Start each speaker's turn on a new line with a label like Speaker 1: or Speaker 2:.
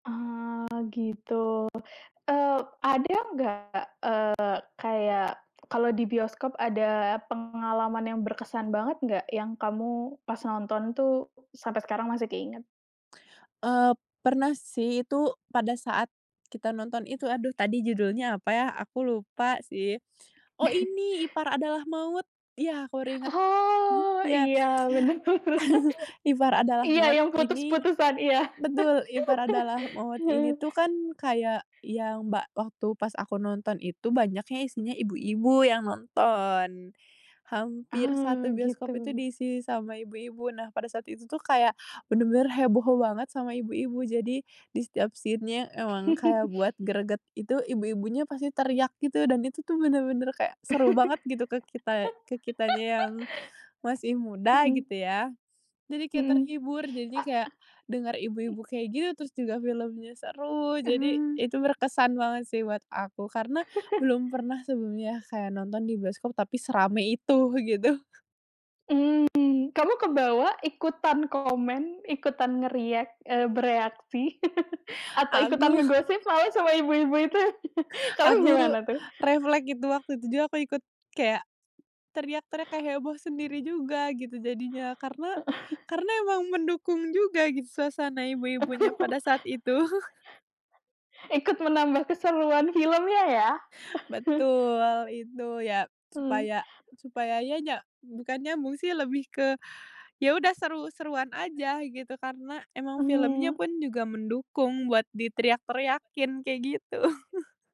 Speaker 1: Eee, gitu. Eee, ada nggak, eee, kayak kalau di bioskop ada pengalaman yang berkesan banget nggak, yang kamu pas nonton tuh sampai sekarang masih keinget?
Speaker 2: Eee, pernah sih itu pada saat kita nonton itu, aduh tadi judulnya apa ya, aku lupa sih. Oh ini, Ipar Adalah Maut. Iya, aku baru inget.
Speaker 1: Oh
Speaker 2: Iya.
Speaker 1: iya, bener bener.
Speaker 2: Ipar Adalah
Speaker 1: Iya,
Speaker 2: Maut
Speaker 1: yang
Speaker 2: ini
Speaker 1: putus-putusan. Iya.
Speaker 2: betul. Ipar Adalah Maut ini tuh kan kayak yang ba waktu pas aku nonton itu banyaknya isinya ibu-ibu yang nonton. Hampir satu
Speaker 1: Oh,
Speaker 2: bioskop itu
Speaker 1: gitu.
Speaker 2: diisi sama ibu-ibu. Nah, pada saat itu tuh kayak, bener-bener heboh banget sama ibu-ibu. Jadi, di setiap scene-nya emang kayak buat greget, itu ibu-ibunya pasti teriak gitu dan itu tuh bener-bener kayak seru banget gitu ke kita ke kitanya yang masih muda
Speaker 1: Mhm.
Speaker 2: gitu ya, jadi kayak
Speaker 1: Mhm.
Speaker 2: terhibur. Jadinya kayak, denger ibu-ibu kayak gitu, terus juga filmnya seru. Jadi,
Speaker 1: Mmm.
Speaker 2: itu berkesan banget sih buat aku. Karena, belum pernah sebelumnya kayak nonton di bioskop tapi serame itu gitu.
Speaker 1: Mmm. Kamu kebawa ikutan komen, ikutan nge-react eee bereaksi, atau
Speaker 2: Aku.
Speaker 1: ikutan ngegosip lah sama ibu-ibu itu, kamu
Speaker 2: Aku,
Speaker 1: gimana tuh?
Speaker 2: reflek itu, waktu itu juga aku ikut kayak teriak-teriak kayak heboh sendiri juga gitu jadinya. Karena
Speaker 1: Heeh.
Speaker 2: karena emang mendukung juga gitu suasana ibu-ibunya pada saat itu.
Speaker 1: Ikut menambah keseruan filmnya ya.
Speaker 2: Betul, itu. Ya,
Speaker 1: Hmm.
Speaker 2: supaya supaya ya nya bukan nyambung sih lebih ke, ya udah seru-seruan aja gitu karena emang filmnya
Speaker 1: Mmm.
Speaker 2: pun juga mendukung buat diteriak-teriakin, kayak gitu.